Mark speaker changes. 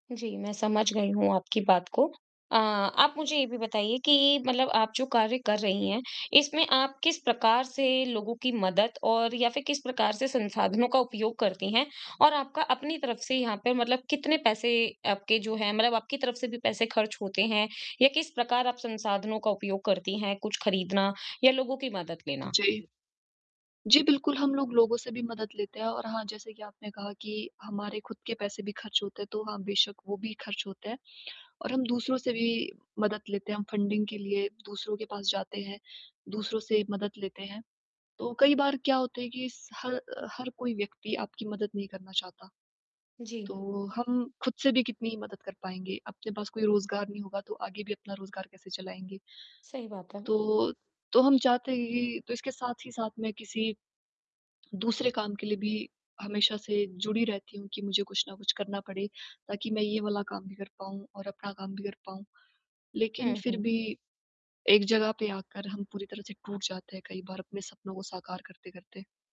Speaker 1: जी, मैं समझ गई हूँ आपकी बात को। अ आप मुझे ये भी बताइए कि मतलब आप जो कार्य कर रही हैं, इसमें आप किस प्रकार से लोगों की मदद और या फिर किस प्रकार से संसाधनों का उपयोग करती हैं? और आपका अपनी तरफ़ से यहाँ पे मतलब कितने पैसे आपके जो हैं मतलब आपकी तरफ़ से भी पैसे ख़र्च होते हैं? या किस प्रकार आप संसाधनों का उपयोग करती हैं, कुछ ख़रीदना या लोगों की मदद लेना?
Speaker 2: जी। जी बिल्कुल, हम लोग लोगों से भी मदद लेते हैं और हाँ जैसे कि आपने कहा कि हमारे खुद के पैसे भी ख़र्च होते हैं तो हाँ बेशक़ वो भी ख़र्च होते हैं। और हम दूसरों से भी मदद लेते हैं हम फंडिंग के लिए दूसरों के पास जाते हैं, दूसरों से मदद लेते हैं। तो कई बार क्या होता है कि इस ह हर कोई व्यक्ति आपकी मदद नहीं करना चाहता।
Speaker 1: जी।
Speaker 2: तो हम खुद से भी कितनी ही मदद कर पाएँगे? अपने पास कोई रोज़गार नहीं होगा तो आगे भी अपना रोज़गार कैसे चलाएँगे?
Speaker 1: सही बात है।
Speaker 2: तो तो हम चाहते ही तो इसके साथ ही साथ में किसी दूसरे काम के लिए भी हमेशा से जुड़ी रहती हूँ कि मुझे कुछ न कुछ करना पड़े ताकि मैं ये वाला काम भी कर पाऊँ और अपना काम भी कर पाऊँ। लेकिन
Speaker 1: हुँ,
Speaker 2: फिर
Speaker 1: हुँ।
Speaker 2: भी एक ज़गह पे आकर हम पूरी तरह से टूट जाते हैं कई बार, अपने सपनों को साकार करते-करते।